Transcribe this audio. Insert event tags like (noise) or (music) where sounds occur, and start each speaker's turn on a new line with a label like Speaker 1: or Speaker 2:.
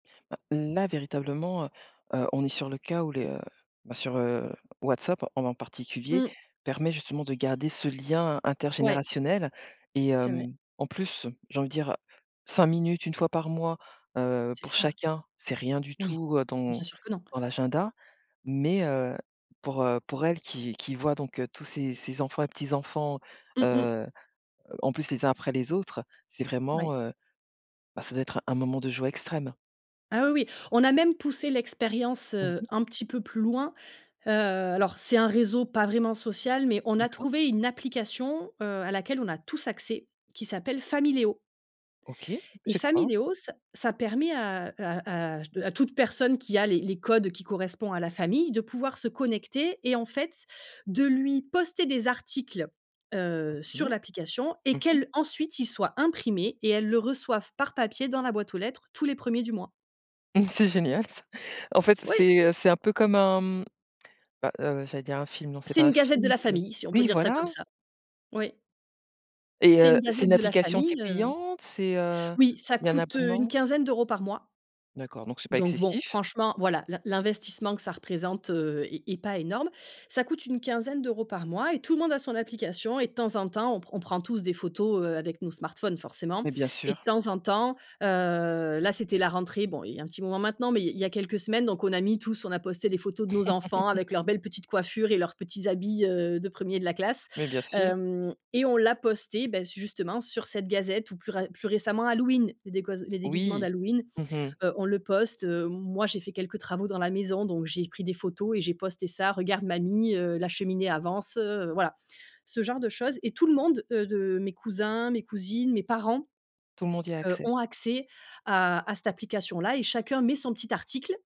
Speaker 1: Heu, n à véritablement, heu, heu, on est sur le, cas où le, ben, sur ,heu, WhatsApp, en particulier,
Speaker 2: Mmh.
Speaker 1: permet justement de garder ce lien
Speaker 2: Ouais.
Speaker 1: intergénérationnel et
Speaker 2: C'est vrai.
Speaker 1: hem, en plus, j'ai envie de dire, 5 minutes 1 fois par mois, heu,
Speaker 2: C'est
Speaker 1: pour
Speaker 2: ça.
Speaker 1: chacun, c'est rien du
Speaker 2: Oui,
Speaker 1: tout, heu, dans
Speaker 2: bien sûr que non.
Speaker 1: dans l'agenda. Mais, heu, pour, heu, pour elle qui qui voit donc, heu, tous ses ses enfants et petits-enfants,
Speaker 2: Mmh mh.
Speaker 1: heu, heu en plus les uns après les autres, c'est
Speaker 2: Oui.
Speaker 1: vraiment heu, bah, ça doit être un moment de joie extrême.
Speaker 2: Ah, oui, oui, on a même poussé l'expérience,
Speaker 1: Mmh
Speaker 2: heu,
Speaker 1: mh.
Speaker 2: un petit peu plus loin. Heu, alors c'est un réseau pas vraiment social, mais on a
Speaker 1: D'accord.
Speaker 2: trouvé une application, heu, à laquelle on a tous accès qui s'appelle Famileo
Speaker 1: OK,
Speaker 2: et
Speaker 1: c'est quoi?
Speaker 2: Famileo, ça ça permet à, heu à à à toute personne qui a les les codes qui correspond à la famille de pouvoir se connecter et en fait de lui poster des articles, heu,
Speaker 1: OK.
Speaker 2: sur l'application et
Speaker 1: Mmh mh.
Speaker 2: qu'elle, ensuite ils soient imprimés et elles le reçoivent par papier dans la boîte aux lettres tous les premiers du mois.
Speaker 1: Mmh c'est génial ça. En fait,
Speaker 2: Oui.
Speaker 1: c'est, heu, c'est un peu comme un mmh, bah, heu, j'allais dire un film, non c'est
Speaker 2: C'est
Speaker 1: pas
Speaker 2: une
Speaker 1: un
Speaker 2: gazette de
Speaker 1: film,
Speaker 2: la
Speaker 1: c'est
Speaker 2: famille, si on peut
Speaker 1: oui
Speaker 2: dire ça comme
Speaker 1: voilà!
Speaker 2: ça. Oui
Speaker 1: Et
Speaker 2: c'est
Speaker 1: heu,
Speaker 2: une
Speaker 1: c'est
Speaker 2: gazette
Speaker 1: une
Speaker 2: de la
Speaker 1: application qui est
Speaker 2: famille, heu
Speaker 1: payante, c'est, heu,
Speaker 2: Oui, ça
Speaker 1: il y a un
Speaker 2: coûte, heu, une
Speaker 1: abonnement?
Speaker 2: quinzaine d'euros par mois
Speaker 1: D'accord, donc c'est pas
Speaker 2: donc, bon,
Speaker 1: excessif.
Speaker 2: franchement, voilà, l'in l'investissement que ça représente, heu, est est pas énorme. Ça coûte une quinzaine d'euros par mois et tout le monde a son application et de temps en temps, on pr on prend tous des photos, heu, avec nos smartphones, forcément
Speaker 1: Mais bien
Speaker 2: et de
Speaker 1: sûr.
Speaker 2: temps en temps, heu là, c'était la rentrée, bon, il y a un petit moment maintenant, mais il il y a quelques semaines, donc, on a mis tous on a posté des photos de nos enfants avec leurs
Speaker 1: (laughs)
Speaker 2: belles petites coiffures et leurs petits habits, heu, de 1er de la classe.
Speaker 1: Mais bien sûr.
Speaker 2: Hem et on l'a posté, beh, justement sur cette gazette ou plus ra plus récemment Halloween, les déguos les déguisements
Speaker 1: Oui.
Speaker 2: d'Halloween,
Speaker 1: Mmh mh.
Speaker 2: heu, on le poste, heu, m moi j'ai fait quelques travaux dans la maison donc j'ai pris des photos et j'ai posté ça: «Regarde mamie, heu, la cheminée avance, heu», voilà. Ce genre de choses et tout le monde, heu, de mes cousins, mes cousines, mes parents,
Speaker 1: Tout le monde y a
Speaker 2: heu,
Speaker 1: accès.
Speaker 2: ont accès à à cette application-là et chacun met son petit article.